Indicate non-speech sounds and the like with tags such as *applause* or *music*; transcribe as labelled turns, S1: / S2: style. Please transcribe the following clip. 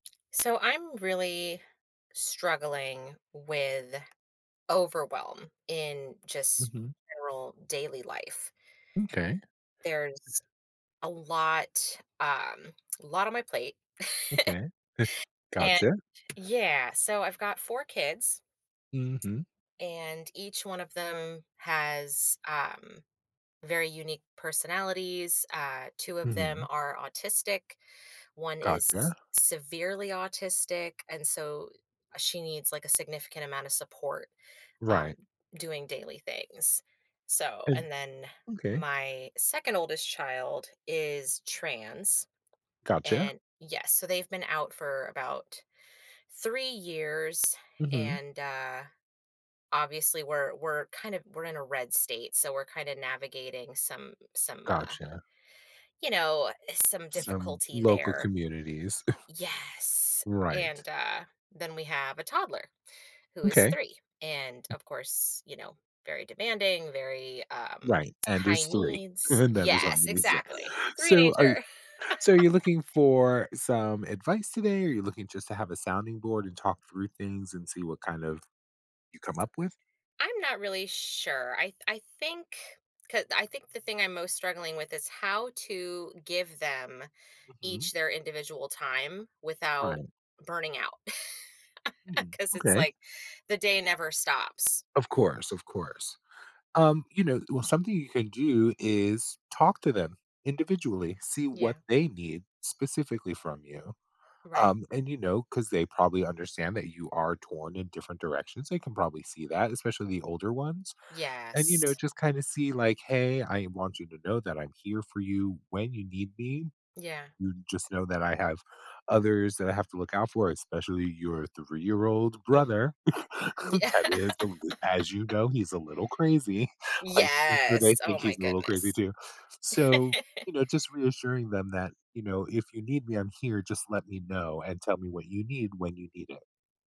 S1: So, I'm really struggling with overwhelm, in, just,
S2: Mhm.
S1: general daily life.
S2: M'kay.
S1: There's a lot, um, a lot on my plate. *laughs*
S2: Okay. *chuckles*
S1: And
S2: Gotcha.
S1: Yeah, so I've got 4 kids,
S2: Mhm.
S1: and each one of them has, um, very unique personalities. Uh, 2 of them
S2: Mhm.
S1: are autistic, one is
S2: Gotcha.
S1: severely autistic, and so, uh, she needs, like, a significant amount of support,
S2: Right.
S1: um, doing daily things. So
S2: *unintelligible*
S1: and then,
S2: Okay.
S1: my 2nd oldest child is trans,
S2: Gotcha.
S1: and yes, so they've been out for about 3 years,
S2: Mhm.
S1: and, uh, obviously, we're we're, kind of we're in a red state, so we're kinda navigating some some, uh,
S2: Gotcha.
S1: you know, some
S2: Some
S1: difficulty
S2: local
S1: there
S2: communities. *chuckles*
S1: Yes,
S2: Right.
S1: and, uh, then we have a toddler, who is
S2: Okay.
S1: 3, and, of course, you know, very demanding, very, um,
S2: Right, and
S1: high
S2: is 3.
S1: needs.
S2: *chuckles* That is
S1: Yes,
S2: amazing.
S1: exactly.
S2: So, are y
S1: Threenager!
S2: so are you
S1: *laughs*
S2: looking for some advice today, or you're looking just to have a sounding board and talk through things, and see what, kind of, you come up with?
S1: I'm not really sure. I th I think, 'ca I think the thing I'm most struggling with, is how to give them
S2: Mhm.
S1: each their individual time without
S2: Right.
S1: burning out.
S2: Mm,
S1: *laughs* 'Cause it's,
S2: okay.
S1: like, the day never stops.
S2: Of course, of course. Um, you know well, something you can do, is talk to them individually. See what
S1: Yeah.
S2: they need specifically from you.
S1: Right.
S2: Um, and, you know, 'cause they probably understand that you are torn in different directions, they can probably see that, especially the older ones. And, you know,
S1: Yes.
S2: just kinda see, like, "Hey, I want you to know that I'm here for you when you need me.
S1: Yeah.
S2: You just know that I have others that I have to look out for, especially your three-year-old
S1: Mhm.
S2: brother.
S1: Yeah.
S2: *chuckles* That is the l as you
S1: *laughs*
S2: know, he's a little crazy." *chuckles* Like, I'm sure they
S1: Yes. Oh,
S2: think
S1: my
S2: he's a little crazy,
S1: goodness.
S2: too. So,
S1: *laughs*
S2: you know, just reassuring them that, you know, "If you need me, I'm here, just let me know and tell me what you need when you need it."